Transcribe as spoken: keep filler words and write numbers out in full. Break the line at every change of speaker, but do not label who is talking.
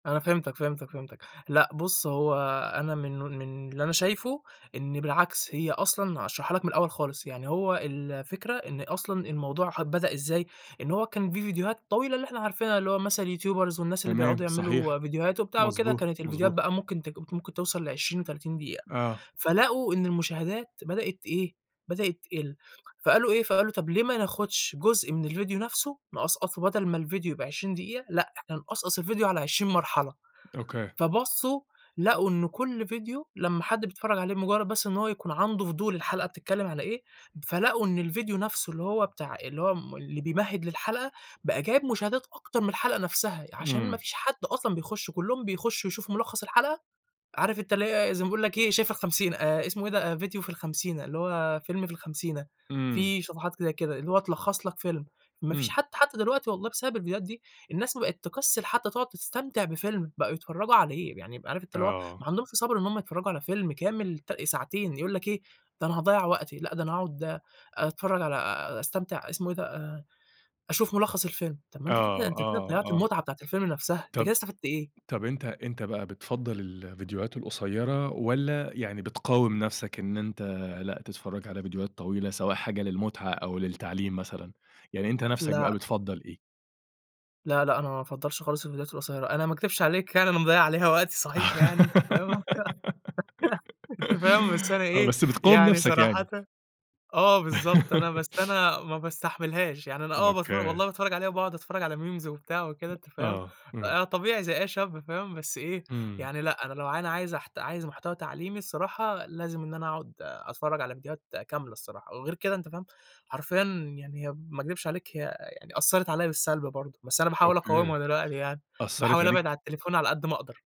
أنا فِهِمتَك، فِهِمتَك، فِهِمتَك، لأ بُص، هو أنا منه من اللي أنا شايفه، إن بالعكس، هي أصلًا هاشرحها لَك من الأول خالص، يعني هو الفكرة، إن أصلًا الموضوع أ بدأ إزاي، إن هو كان في فيديوهات طويلة اللي إحنا عارفينها، اللي هو مثلًا الYouTubers والناس اللي بيقعدوا
تمام، صحيح،
يعملوا فيديوهاته وبتاع وكده.
مضبوط،
كانت الفيديوهات
مضبوط.
بقى ممكن ت ممكن توصَل لعشرين، تلاتين دقيقة،
آه.
فلقوا إن المشاهدات بدأت إيه، بدأت تقِل، فقالوا إيه، فقالوا طَب ليه ما ناخدش جزء من الفيديو نفْسُه، نقصقصه بدل ما الفيديو يبقى عشرين دقيقة لأ، إحنا نقصقص الفيديو على عشرين مرحلة،
Okay.
فبَصُّوا لقوا إنه كُل فيديو لمّا حد بيتفرج عليه، بمجرد بس إن هو يكون عنده فضول الحلقة بتتكلم على إيه، فلقوا إن الفيديو نفْسُه اللي هو بتاع اللي هو م اللي بيمهد للحلقة، بقى جايب مشاهدات أكتر من الحلقة نفْسَها؛ علشان ما
إمم.
فيش حد أصلًا بيخش، كلهم بيخشوا يشوفوا ملخَّص الحلقة، عارف أنت اللي هي زي ما بيقول لَك إيه شاي في الخمسينة، آآ اسمه إيه ده؟ فيديو في الخمسينة، اللي هو فيلم في الخمسينة.
إمم.
في صفحات كده كده، اللي هو تلخص لَك فيلم، ما فيش
إمم.
حد حتى دلوقتي والله بسبب الفيديوهات دي، الناس بقت تكسِّل حتى تقعد تستمتع بفيلم، بقوا يتفرجوا عليه، يعني عارف أنت اللي هو،
آه.
ما عندهمش صبْر إن هُم يتفرجوا على فيلم كامل، ت ساعتين، يقول لَك إيه، ده أنا هاضيَّع وقتي، لأ ده أنا هاقعد أتفرج على أستمتع اسمه إيه ده؟ آآ، أشوف ملخص الفيلم. طَب ما
آه،
أنت كده أنت كده
آه،
ضيّعت
آه.
المتعة بتاعة الفيلم نفْسَها، أنت كده
طَب
استفدت إيه!
طَب أنت أنت بقى بتفضَّل الفيديوهات القصيرة، والّا يعني بتقاوم نفْسَك إن أنت لأ تتفرج على فيديوهات طويلة، سواء حاجة للمُتعة أو للتعليم مثلًا، يعني أنت نفْسَك
لأ.
بقى بتفضَّل إيه؟
لأ لأ أنا ما بافضلش خالص الفيديوهات القصيرة، أنا ما أكدبش عليك يعني أنا مضيَّع عليها وقتي صحيح يعني، أنت فاهم، أنت فاهم، بس أنا
آه،
إيه،
بس بتقاوم
يعني
نفْسَك
صراحةً
يعني؟
آه بالضبط، أنا بس أنا ما باستحملهاش، يعني أنا باتفرج
Okay.
والله باتفرج عليها وباقعد أتفرج على Memes وبتاع وكده، أنت فاهم،
آه، إمم.
آآ طبيعي زي أي شاب فاهم، بس إيه،
إمم.
يعني لأ. أنا لو ع أنا عايز احت عايز محتوى تعليمي الصراحة لازم إن أنا أقعد أتفرج على فيديوهات كاملة الصراحة، وغير كده أنت فاهم، حرفيًا يعني هي ما اكدبش عليك، هي يعني أثَّرت عليَّ بالسلب برضه، بس أنا باحاول
Okay
أقاومها دلوقتي يعني،
أثّرت
باحاول أبعد على
عليك؟
التليفون على قد ما أقدر.